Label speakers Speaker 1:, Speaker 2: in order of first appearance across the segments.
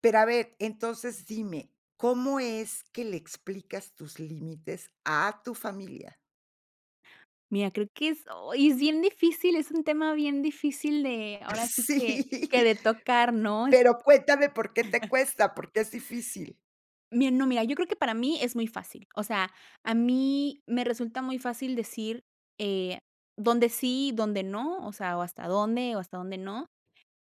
Speaker 1: Pero a ver, entonces dime, ¿cómo es que le explicas tus límites a tu familia?
Speaker 2: Mira, creo que es Ay, es bien difícil, es un tema bien difícil, de ahora sí que que
Speaker 1: Sí.
Speaker 2: de tocar, ¿no?, es
Speaker 1: Pero cuéntame, ¿por qué te cuesta?, ¿por qué es difícil?
Speaker 2: Bien, no, mira, yo creo que para mí es muy fácil, o sea, a mí me resulta muy fácil decir, eh, dónde sí y dónde no, o sea, o hasta dónde o hasta dónde no.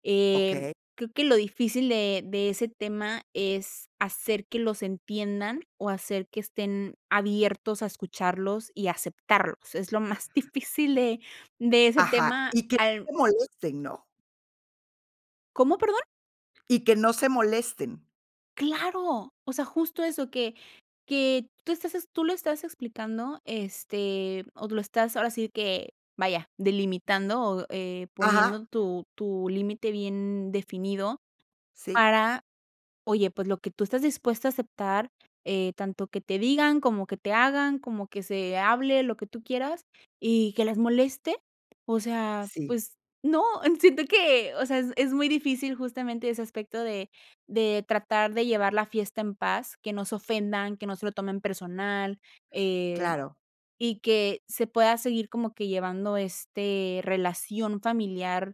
Speaker 2: Em,
Speaker 1: Okey.
Speaker 2: creo que lo difícil de de ese tema es hacer que los entiendan o hacer que estén abiertos a escucharlos y aceptarlos. Es lo más
Speaker 1: Ajá.
Speaker 2: difícil de de ese
Speaker 1: Ajá,
Speaker 2: tema
Speaker 1: y que
Speaker 2: al
Speaker 1: no se molesten, ¿no?
Speaker 2: ¿Cómo, perdón?
Speaker 1: Y que no se molesten.
Speaker 2: Claro, o sea, justo eso que que tú estás ex tú lo estás explicando, este, o lo estás ahora sí que, vaya, delimitando o, eh,
Speaker 1: Ajá.
Speaker 2: poniendo tu tu límite bien definido
Speaker 1: Sí.
Speaker 2: para, oye, pues, lo que tú estás dispuesta a aceptar, eh, tanto que te digan, como que te hagan, como que se hable, lo que tú quieras y que les moleste, o sea,
Speaker 1: Sí.
Speaker 2: pues, no, siento que, o sea, es es muy difícil justamente ese aspecto de de tratar, de llevar la fiesta en paz, que no se ofendan, que no se lo tomen personal, eh,
Speaker 1: Claro.
Speaker 2: y que se pueda seguir como que llevando, este, relación familiar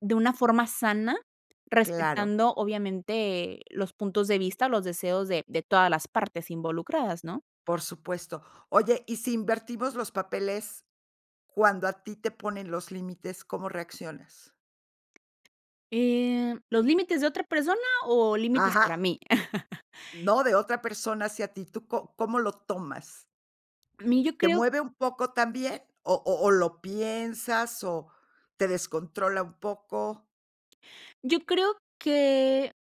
Speaker 2: de una forma sana
Speaker 1: Claro.
Speaker 2: respetando, obviamente, los puntos de vista, los deseos de de todas las partes involucradas, ¿no?
Speaker 1: Por supuesto. Oye, y si invertimos los papeles, cuando a ti te ponen los límites, ¿cómo reaccionas?
Speaker 2: Eh, ¿los límites de otra persona o límites para
Speaker 1: Ajá.
Speaker 2: mí?
Speaker 1: No, de otra persona hacia ti, ¿tú co cómo lo tomas?
Speaker 2: A mí yo
Speaker 1: ¿Te
Speaker 2: creo
Speaker 1: mueve un poco también, o o o lo piensas, o te descontrola un poco?
Speaker 2: Yo creo que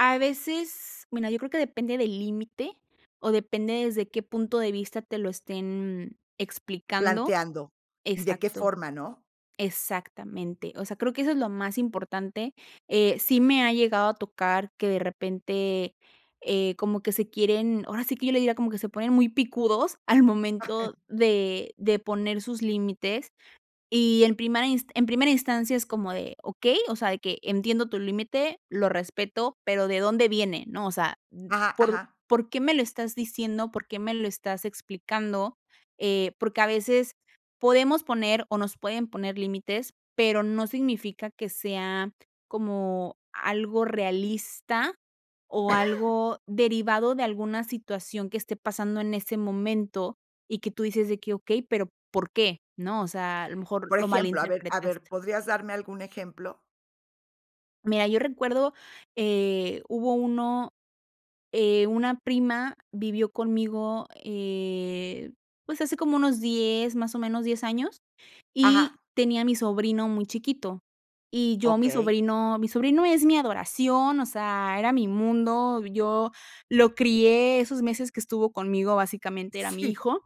Speaker 2: a veces bueno, yo creo que, depende del límite, o depende desde qué punto de vista te lo estén explicando.
Speaker 1: Planteando, y de qué
Speaker 2: Exacto.
Speaker 1: forma, ¿no?
Speaker 2: Exactamente, o sea, creo que eso es lo más importante, eh, sí me ha llegado a tocar que de repente, eh, como que se quieren ahora sí que, yo le diría como que se ponen muy picudos al momento de de poner sus límites, y en primera ins en primera instancia es como de: "Okey, o sea, de que entiendo tu límite, lo respeto, pero, ¿de dónde viene?, ¿no?, o sea, mm,
Speaker 1: Ajá,
Speaker 2: ¿por
Speaker 1: ajá.
Speaker 2: por qué me lo estás diciendo?, ¿por qué me lo estás explicando?", eh, porque a veces podemos poner o nos pueden poner límites, pero no significa que sea como algo realista o algo derivado de alguna situación que esté pasando en ese momento, y que tú dices de que: "Okey, pero, ¿por qué?", ¿no?, o sea, a lo mejor
Speaker 1: Por
Speaker 2: lo
Speaker 1: ejemplo, a ver a ver,
Speaker 2: malinterpretaste.
Speaker 1: ¿podrías darme algún ejemplo?
Speaker 2: Mira, yo recuerdo, eh, hubo uno, eh, una prima vivió conmigo, eh, pues, hace como unos 10 más o menos 10 años, y
Speaker 1: Ajá.
Speaker 2: tenía mi sobrino muy chiquito, y yo mi
Speaker 1: Okey.
Speaker 2: sobrino mi sobrino es mi adoración, o sea, era mi mundo, yo lo crié esos meses que estuvo conmigo, básicamente era mi
Speaker 1: Sí.
Speaker 2: hijo,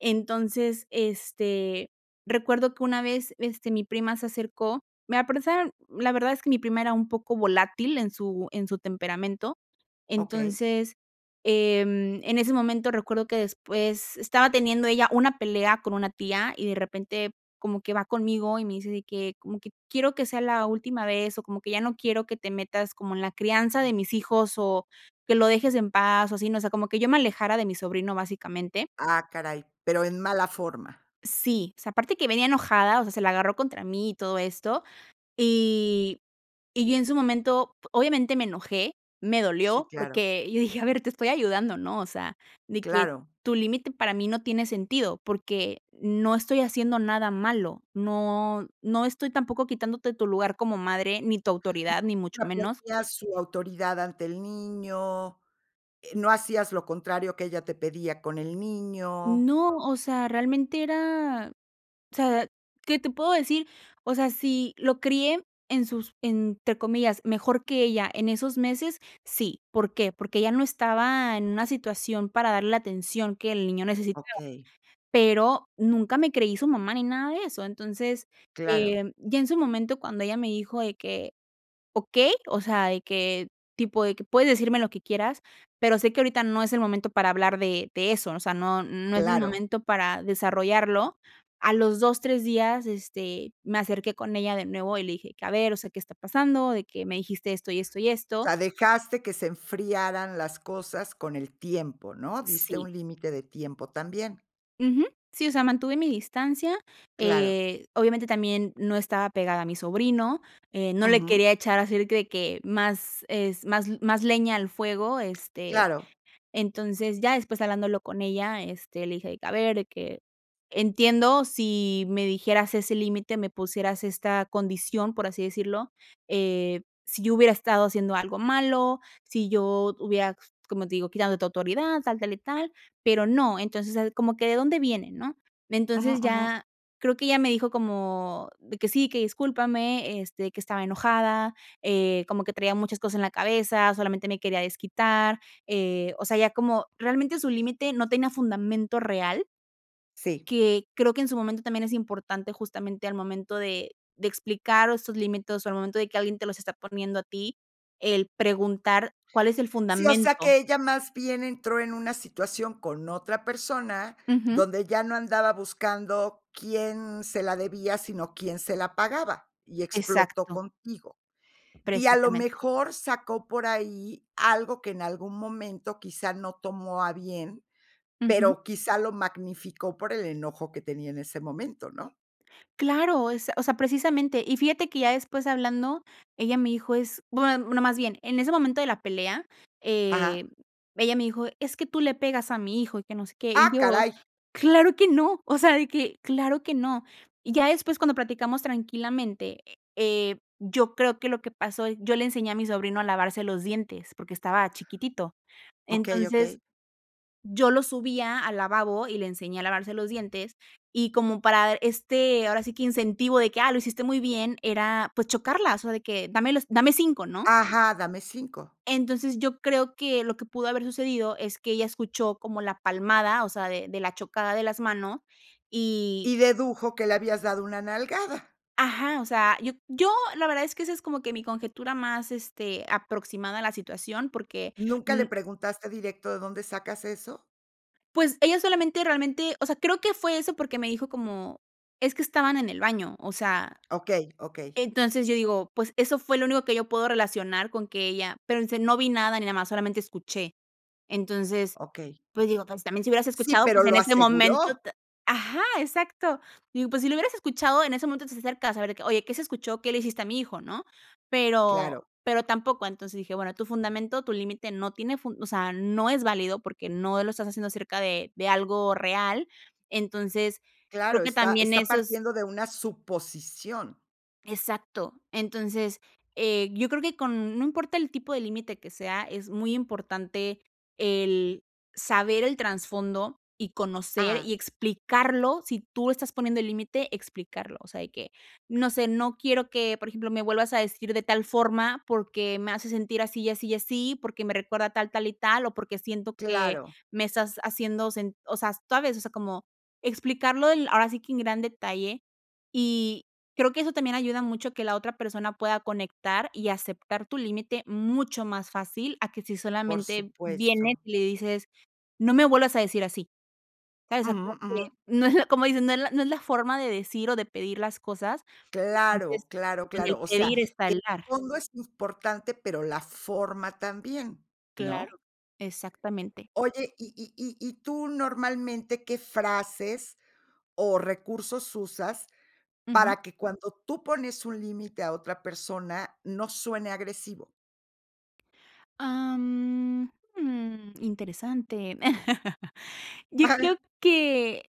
Speaker 2: entonces, este, recuerdo que una vez, este, mi prima se acercó, me [unintelligible] la verdad es que mi prima era un poco volátil en su en su temperamento,
Speaker 1: Okey.
Speaker 2: entonces, em, en ese momento recuerdo que después estaba teniendo ella una pelea con una tía y de repente, como que va conmigo y me dice de que, como que: "Quiero que sea la última vez, o como que ya no quiero que te metas como en la crianza de mis hijos, o que lo dejes en paz", o así, ¿no?, o sea, como que yo me alejara de mi sobrino básicamente.
Speaker 1: Ah, caray, pero en mala forma.
Speaker 2: Sí, o sea, aparte que venía enojada, o sea, se la agarró contra mí y todo esto, y y yo en su momento, obviamente me enojé, me
Speaker 1: Sí,
Speaker 2: dolió,
Speaker 1: claro.
Speaker 2: porque yo dije: "A ver, te estoy ayudando, ¿no?, o sea, de que
Speaker 1: Claro.
Speaker 2: tu límite para mí no tiene sentido, porque no estoy haciendo nada malo, no no estoy tampoco quitándote tu lugar como madre, ni tu autoridad, ni mucho menos"
Speaker 1: Apoyas su autoridad ante el niño, eh, no hacías lo contrario que ella te pedía con el niño.
Speaker 2: No, o sea, realmente era o sea, ¿qué te puedo decir?, o sea, ¿si lo crié en sus entre comillas, mejor que ella en esos meses?, sí, ¿por qué?, porque ella no estaba en una situación para darle la atención que el niño necesitaba,
Speaker 1: Okey.
Speaker 2: pero nunca me creí su mamá ni nada de eso, entonces,
Speaker 1: Claro.
Speaker 2: eh, ya en su momento cuando ella me dijo de que: "Okey", o sea, de que tipo de que: "Puedes decirme lo que quieras, pero sé que ahorita no es el momento para hablar de de eso, o sea, no no es el
Speaker 1: Claro.
Speaker 2: momento para desarrollarlo", a los 2 3 días, este, me acerqué con ella de nuevo y le dije que: "A ver, o sea, ¿qué está pasando?, de que me dijiste esto, y esto, y
Speaker 1: O
Speaker 2: esto".
Speaker 1: sea, dejaste que se enfriaran las cosas con el tiempo, ¿no?, diste
Speaker 2: Sí.
Speaker 1: un límite de tiempo también.
Speaker 2: Ujú, sí, o sea, mantuve mi distancia,
Speaker 1: Claro.
Speaker 2: eh, obviamente también no estaba pegada a mi sobrino, eh, no le
Speaker 1: Ujú.
Speaker 2: quería echar así de que de que más es más más leña al fuego, este,
Speaker 1: Claro.
Speaker 2: entonces ya después hablándolo con ella, este, le dije de que: "A ver de que entiendo si me dijeras ese límite, me pusieras esta condición, por así decirlo, eh, si yo hubiera estado haciendo algo malo, si yo hubiera, como te digo, quitándote autoridad, tal, tal y tal, pero no, entonces, o sea, como que, ¿de dónde viene?", ¿no?,
Speaker 1: Ujú,
Speaker 2: entonces,
Speaker 1: ujú.
Speaker 2: ya creo que ella me dijo, como de que: "Sí, que discúlpame, este, que estaba enojada, eh, como que traía muchas cosas en la cabeza, solamente me quería desquitar", eh, o sea, ya como realmente su límite no tenía fundamento real
Speaker 1: Sí.
Speaker 2: que creo que en su momento también es importante justamente al momento de de explicar estos límites, o sea, al momento de que alguien te los está poniendo a ti, el preguntar, cuál es el
Speaker 1: Sí, o sea,
Speaker 2: fundamento.
Speaker 1: que ella más bien entró en una situación con otra persona,
Speaker 2: Ujú.
Speaker 1: donde ya no andaba buscando quién se la debía, sino quién se la pagaba, y explotó
Speaker 2: Exacto.
Speaker 1: contigo, y a lo
Speaker 2: Precisamente.
Speaker 1: mejor sacó por ahí algo que en algún momento quizá no tomó a bien,
Speaker 2: Ujú.
Speaker 1: pero quizá lo magnificó por el enojo que tenía en ese momento, ¿no?
Speaker 2: Claro, es o sea, precisamente, y fíjate que, ya después hablando, ella me dijo es bueno no más bien, en ese momento de la pelea, eh,
Speaker 1: Ajá.
Speaker 2: ella me dijo: "Es que tú le pegas a mi hijo, y que no sé qué", y
Speaker 1: ¡Ah,
Speaker 2: yo:
Speaker 1: caray!
Speaker 2: "Claro que no", o sea, de que: "Claro que no", y ya después cuando platicamos tranquilamente, eh, yo creo que lo que pasó yo le enseñé a mi sobrino a lavarse los dientes porque estaba chiquitito,
Speaker 1: Okey,
Speaker 2: entonces,
Speaker 1: okey.
Speaker 2: yo lo subía al lavabo y le enseñé a lavarse los dientes y como para este, ahora sí, que incentivo de que, ah, lo hiciste muy bien, era, pues, chocarlas o sea de que dame los dame 5, ¿no?
Speaker 1: Ajá, dame 5
Speaker 2: Entonces, yo creo que, lo que pudo haber sucedido, es que ella escuchó como la palmada, o sea, de de la chocada de las manos y
Speaker 1: Y dedujo que le habías dado una nalgada.
Speaker 2: Ajá, o sea, yo yo la verdad es que, esa es como que mi conjetura más, este, aproximada a la situación, porque
Speaker 1: ¿Nunca
Speaker 2: mm
Speaker 1: le preguntaste directo: "De dónde sacas eso"?
Speaker 2: pues, ella solamente realmente o sea, creo que fue eso porque me dijo como: "Es que estaban en el baño", o sea,
Speaker 1: Okey, okey.
Speaker 2: entonces, yo digo, pues, eso fue lo único que yo puedo relacionar con que ella pero dice: "No vi nada, ni nada más, solamente escuché", entonces,
Speaker 1: Okey.
Speaker 2: pues digo, entonces también si hubieras
Speaker 1: Sí,
Speaker 2: escuchado,
Speaker 1: pero,
Speaker 2: pues, en
Speaker 1: ¡lo
Speaker 2: este momento
Speaker 1: aseguró!
Speaker 2: te Ajá, exacto, digo, pues, si lo hubieras escuchado, en ese momento te acercas a ver de que: "Oye, ¿qué se escuchó?, ¿qué le hiciste a mi hijo?", ¿no?, pero
Speaker 1: Claro.
Speaker 2: pero tampoco, entonces dije: "Bueno, tu fundamento tu límite no tiene fun o sea, no es válido porque no lo estás haciendo acerca de de algo real", entonces, creo
Speaker 1: Claro,
Speaker 2: que
Speaker 1: está
Speaker 2: también
Speaker 1: está
Speaker 2: esos
Speaker 1: partiendo de una suposición.
Speaker 2: Exacto, entonces, eh, yo creo que con No importa el tipo de límite que sea, es muy importante, el saber el trasfondo, y conocer,
Speaker 1: Ah.
Speaker 2: y explicarlo si tú estás poniendo el límite, explicarlo, o sea, de que, no sé "No quiero que", por ejemplo: "Me vuelvas a decir de tal forma, porque, me hace sentir así, y así, y así, porque, me recuerda tal, tal y tal, o porque siento que
Speaker 1: Claro.
Speaker 2: me estás haciendo sen" o sea, ¿sabes?, o sea, como explicarlo del, ahora sí que en gran detalle, y creo que eso también ayuda mucho, a que la otra persona pueda conectar y aceptar tu límite mucho más fácil, a que si
Speaker 1: Por
Speaker 2: solamente vienes
Speaker 1: supuesto.
Speaker 2: y le dices: "No me vuelvas a decir así", ¿sabes?
Speaker 1: Ujú,
Speaker 2: [unintelligible] que,
Speaker 1: ujú.
Speaker 2: no es la como dicen, no es la no es la forma de decir, o de pedir las cosas, entonces,
Speaker 1: Claro, claro,
Speaker 2: en el
Speaker 1: claro, o sea,
Speaker 2: pedir está
Speaker 1: el
Speaker 2: el dar.
Speaker 1: fondo es importante, pero la forma también,
Speaker 2: Claro,
Speaker 1: ¿no?
Speaker 2: exactamente.
Speaker 1: Oye, y y y y tú normalmente, ¿qué frases o recursos usas,
Speaker 2: Ujú.
Speaker 1: para que, cuando tú pones un límite a otra persona, no suene agresivo?
Speaker 2: Ah, mm, mm, interesante. Yo creo que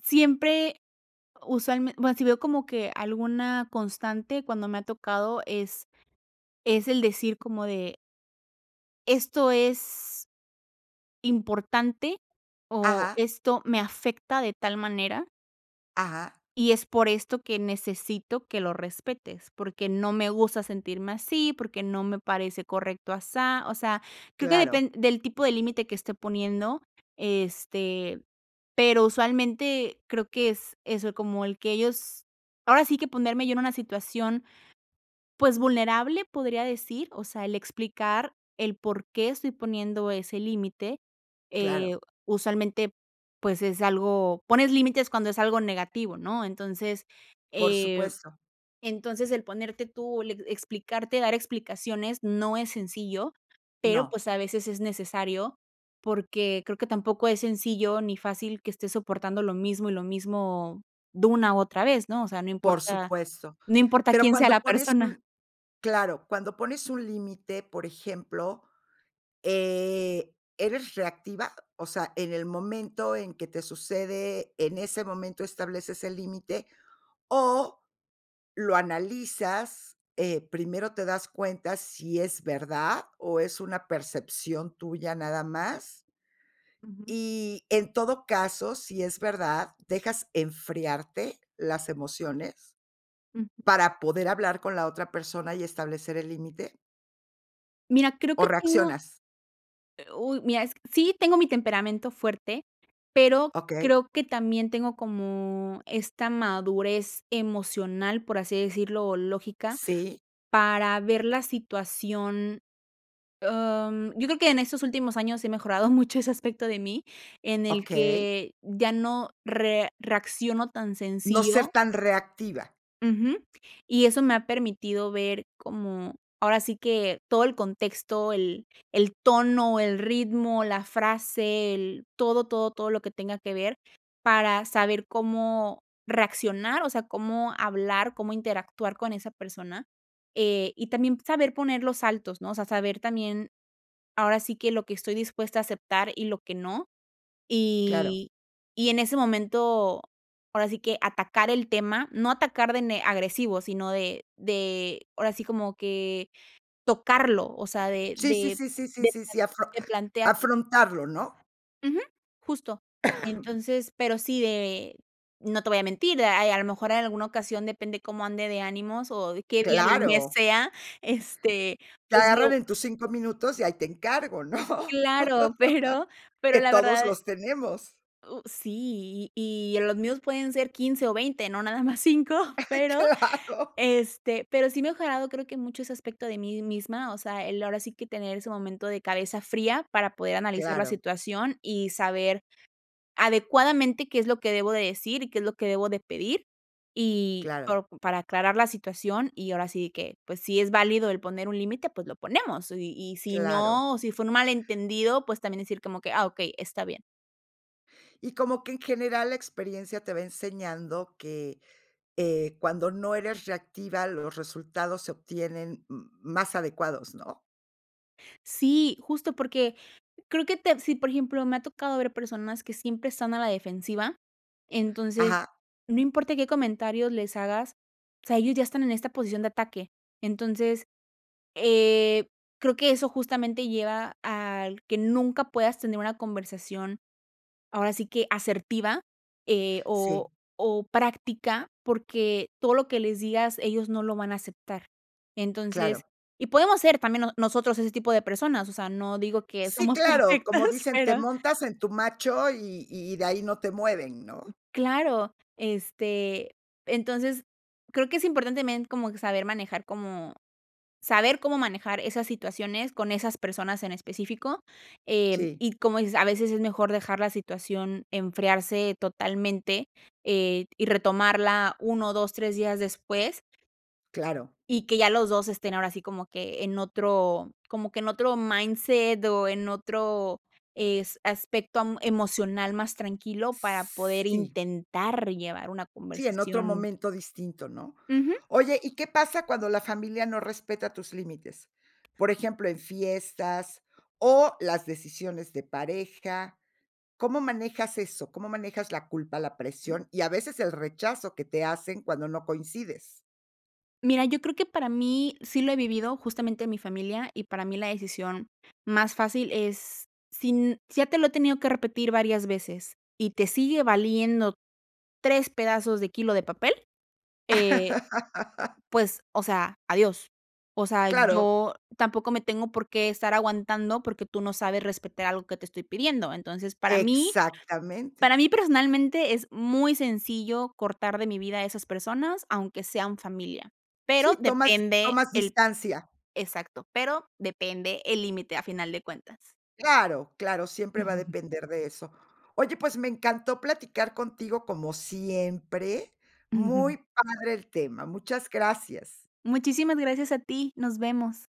Speaker 2: siempre usualmen bueno, sí veo como que alguna constante cuando me ha tocado es es el decir como de Esto es, importante o
Speaker 1: Ajá.
Speaker 2: esto me afecta de tal manera
Speaker 1: Ajá.
Speaker 2: "y es por esto que necesito que lo respetes, porque no me gusta sentirme así, porque no me parece correcto asá". O sea, creo que
Speaker 1: Claro.
Speaker 2: depend del tipo de límite que esté poniendo, este, pero usualmente creo que es eso, como el que ellos ahora sí que ponerme yo en una situación, pues vulnerable, podría decir, o sea, el explicar el por qué estoy poniendo ese límite, eh,
Speaker 1: Claro.
Speaker 2: usualmente, pues es algo Pones límites cuando es algo negativo, ¿no? Entonces,
Speaker 1: Por
Speaker 2: eh,
Speaker 1: supuesto.
Speaker 2: entonces el ponerte tú, le explicarte, dar explicaciones no es sencillo, pero,
Speaker 1: No.
Speaker 2: pues a veces es necesario, porque creo que tampoco es sencillo ni fácil que esté soportando lo mismo y lo mismo de una otra vez, ¿no? O sea, no
Speaker 1: Por
Speaker 2: importa
Speaker 1: supuesto,
Speaker 2: no importa
Speaker 1: pero
Speaker 2: quién sea
Speaker 1: cuando
Speaker 2: la
Speaker 1: pones
Speaker 2: persona.
Speaker 1: un Claro, cuando pones un límite, por ejemplo, eh, ¿eres reactiva? O sea, en el momento en que te sucede, ¿en ese momento estableces el límite? O lo analizas, eh, ¿primero te das cuenta si es verdad o es una percepción tuya nada más?
Speaker 2: Ujú.
Speaker 1: Y en todo caso, si es verdad, ¿dejas enfriarte las emociones
Speaker 2: Ujú.
Speaker 1: para poder hablar con la otra persona y establecer el límite?
Speaker 2: Mira, creo
Speaker 1: ¿O
Speaker 2: que tengo
Speaker 1: reaccionas?
Speaker 2: eh, uy, mira, es sí tengo mi temperamento fuerte, pero
Speaker 1: Okey.
Speaker 2: creo que también tengo como esta madurez emocional, por así decirlo, lógica,
Speaker 1: Sí.
Speaker 2: para ver la situación, om, yo creo que en estos últimos años he mejorado mucho ese aspecto de mí, en el
Speaker 1: Okey.
Speaker 2: que ya no re reacciono tan
Speaker 1: No ser
Speaker 2: sencillo
Speaker 1: tan reactiva.
Speaker 2: ujú, y eso me ha permitido ver como, ahora sí que todo el contexto, el el tono, el ritmo, la frase, el todo, todo, todo lo que tenga que ver, para saber cómo reaccionar, o sea, cómo hablar, cómo interactuar con esa persona, eh, y también saber poner los altos, ¿no? O sea, saber también, ahora sí que lo que estoy dispuesta a aceptar y lo que no,
Speaker 1: Claro.
Speaker 2: y y en ese momento, ahora sí que atacar el tema, no atacar de ne agresivo, sino de de ahora sí como que tocarlo, o sea, de
Speaker 1: Sí, sí,
Speaker 2: de
Speaker 1: sí, sí, sí,
Speaker 2: de
Speaker 1: sí,
Speaker 2: pla
Speaker 1: sí, afron
Speaker 2: de plantearlo.
Speaker 1: afrontarlo, ¿no?
Speaker 2: Ujú, justo. Entonces, pero sí de no te voy a mentir, a a lo mejor en alguna ocasión depende cómo ande de ánimos, o, de qué día del mes
Speaker 1: Claro.
Speaker 2: sea, este, sea. Este,
Speaker 1: Te
Speaker 2: pues
Speaker 1: agarran
Speaker 2: lo
Speaker 1: en tus 5 minutos, y ahí te encargo, ¿no?
Speaker 2: Claro, pero pero
Speaker 1: Que
Speaker 2: la
Speaker 1: todos
Speaker 2: verdad
Speaker 1: los tenemos.
Speaker 2: U sí, y en los míos pueden ser 15 o 20 no nada más 5 pero
Speaker 1: Claro.
Speaker 2: este, pero sí he mejorado creo que mucho ese aspecto de mí misma. O sea, el ahora sí que tener ese momento de cabeza fría para poder analizar la
Speaker 1: Claro.
Speaker 2: situación, y saber adecuadamente qué es lo que debo de decir, y qué es lo que debo de pedir, y
Speaker 1: Claro.
Speaker 2: po para aclarar la situación. Y ahora sí que, pues, si es válido el poner un límite, pues, lo ponemos. Y y si
Speaker 1: Claro.
Speaker 2: no, si fue un malentendido, pues, también decir como que: "Ah, okey, está bien".
Speaker 1: Y como que en general la experiencia te va enseñando que, eh, cuando no eres reactiva, los resultados se obtienen m más adecuados, ¿no?
Speaker 2: Sí, justo, porque creo que tepsi por ejemplo, me ha tocado ver personas que siempre están a la defensiva. Entonces,
Speaker 1: Ajá.
Speaker 2: no importa qué comentarios les hagas, o sea, ellos ya están en esta posición de ataque. Entonces, eh, creo que eso justamente lleva al que nunca puedas tener una conversación, ahora sí que asertiva, eh,
Speaker 1: Sí.
Speaker 2: o o práctica, porque todo lo que les digas ellos no lo van a aceptar. Entonces
Speaker 1: Claro.
Speaker 2: y podemos ser también no nosotros ese tipo de personas, o sea, no digo que
Speaker 1: Sí,
Speaker 2: somos
Speaker 1: claro, como
Speaker 2: perfectas,
Speaker 1: dicen: "Te
Speaker 2: pero
Speaker 1: montas en tu macho, y y de ahí no te mueven", ¿no?
Speaker 2: Claro, este, entonces, creo que es importante también como que saber manejar, como saber cómo manejar esas situaciones con esas personas en específico, em,
Speaker 1: Sí.
Speaker 2: y como es a veces es mejor dejar la situación enfriarse totalmente, eh, y retomarla 1, 2, 3 días después
Speaker 1: Claro.
Speaker 2: y que ya los 2 estén, ahora así, como que en otro como que en otro mindset, o, en otro es aspecto am emocional más tranquilo para poder
Speaker 1: Sí.
Speaker 2: intentar llevar una
Speaker 1: Sí, en otro
Speaker 2: conversación.
Speaker 1: momento distinto, ¿no?
Speaker 2: Ujú.
Speaker 1: Oye, ¿y qué pasa cuando la familia no respeta tus límites? Por ejemplo, en fiestas, o las decisiones de pareja, ¿cómo manejas eso? ¿Cómo manejas la culpa, la presión, y a veces el rechazo que te hacen cuando no coincides?
Speaker 2: Mira, yo creo que para mí sí lo he vivido, justamente en mi familia, y para mí la decisión más fácil es si n ya te lo he tenido que repetir varias veces, y te sigue valiendo 3 pedazos de kilo de papel, eh, pues, o sea, adiós. O sea,
Speaker 1: Claro.
Speaker 2: yo tampoco me tengo por qué estar aguantando, porque tú no sabes respetar algo que te estoy pidiendo. Entonces, para mí para
Speaker 1: Exactamente
Speaker 2: mí personalmente es muy sencillo cortar de mi vida a esas personas, aunque sean familia,
Speaker 1: Sí,
Speaker 2: pero
Speaker 1: tomas
Speaker 2: depende
Speaker 1: tomas
Speaker 2: el
Speaker 1: distancia.
Speaker 2: Exacto, pero depende el límite a final de cuentas.
Speaker 1: Claro, claro, siempre va a
Speaker 2: Ujú.
Speaker 1: depender de eso. Oye, pues, me encantó platicar contigo como siempre,
Speaker 2: Ujú.
Speaker 1: muy padre el tema. Muchas gracias.
Speaker 2: Muchísimas gracias a ti, nos vemos.